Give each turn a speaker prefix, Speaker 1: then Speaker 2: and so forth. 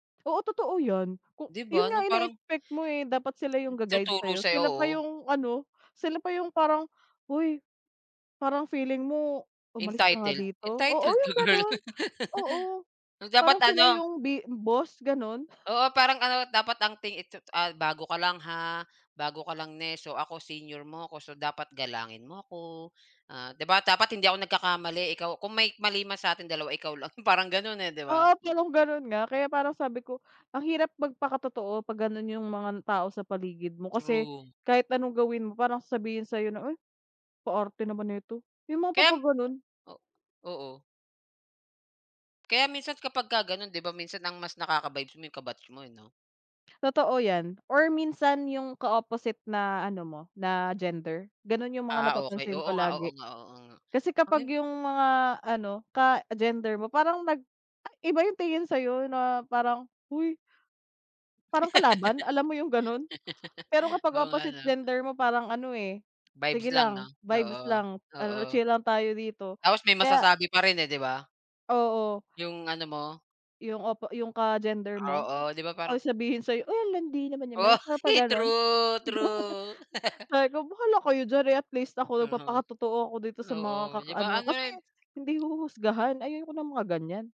Speaker 1: Oo, totoo 'yan, ku
Speaker 2: Di
Speaker 1: 'yon
Speaker 2: ba
Speaker 1: nga
Speaker 2: ano, parang
Speaker 1: ineexpect mo, eh, dapat sila yung ga guide
Speaker 2: Tuturo
Speaker 1: sa'yo,
Speaker 2: sa'yo,
Speaker 1: sila pa
Speaker 2: oo.
Speaker 1: yung ano, sila pa yung parang, "Hoy parang feeling mo umalis ka nga
Speaker 2: Entitled,
Speaker 1: dito," oo
Speaker 2: entitled ka
Speaker 1: yung
Speaker 2: girl?
Speaker 1: gano'n, oo
Speaker 2: So, dapat
Speaker 1: parang sila
Speaker 2: ano.
Speaker 1: yung b boss gano'n.
Speaker 2: Oo, parang ano, dapat ang ting itsu ah, "Bago ka lang ha, bago ka lang ne, so ako senior mo ko so dapat galangin mo ako, ah, di ba dapat hindi ako nagkakamali ikaw kung may mali man sa atin 2 ikaw lang," parang gano'n, eh, 'di ba?
Speaker 1: Oo, parang gano'n nga kaya parang sabi ko, ang hirap magpakatotoo pag gano'n yung mga tao sa paligid mo, kasi
Speaker 2: True.
Speaker 1: kahit anong gawin mo parang sasabihin sa'yo na, "Ay pa arte naman neto," yung mga
Speaker 2: Kaya,
Speaker 1: papa gano'n.
Speaker 2: o-oo. Kaya minsan kapagka gano'n di ba, minsan ang mas nakaka-vibes mo yung ka-batch mo eh, 'no?
Speaker 1: Totoo 'yan or minsan yung ka-opposite na ano mo na gender gano'n yung mga
Speaker 2: Ah, okey,
Speaker 1: napapansin
Speaker 2: oo
Speaker 1: ko
Speaker 2: nga, oo
Speaker 1: lagi.
Speaker 2: nga, oo nga,
Speaker 1: Kasi
Speaker 2: ang
Speaker 1: kapag
Speaker 2: yun
Speaker 1: yung mga ano ka-gender mo parang nag ay iba yung tingin sa'yo na parang, "Hoy." Parang kalaban alam mo yung gano'n. Pero kapag
Speaker 2: Oo, nga
Speaker 1: opposite
Speaker 2: 'no?
Speaker 1: gender mo parang ano, eh, sige
Speaker 2: Vibes lang 'no,
Speaker 1: lang vibes
Speaker 2: oo,
Speaker 1: lang ano,
Speaker 2: oo,
Speaker 1: chill lang tayo dito
Speaker 2: Tapos may
Speaker 1: kaya
Speaker 2: masasabi pa rin, eh, di ba?
Speaker 1: Oo.
Speaker 2: Yung ano mo?
Speaker 1: Yung opo yung ka-gender mo
Speaker 2: Oo, di ba
Speaker 1: ay
Speaker 2: parang
Speaker 1: sabihin sa'yo, "Ay ang landi naman
Speaker 2: Oh,
Speaker 1: 'yan," yung para pag gano'n.
Speaker 2: true true.
Speaker 1: Sabi ko, "Bahala kayo diyan, eh, at least ako
Speaker 2: Aha,
Speaker 1: nagpapakatotoo ako dito sa mga
Speaker 2: oo 'di ba
Speaker 1: ka-ano,"
Speaker 2: ano,
Speaker 1: kasi
Speaker 2: eh.
Speaker 1: hindi huhusgahan ayaw ko ng mga gan'yan.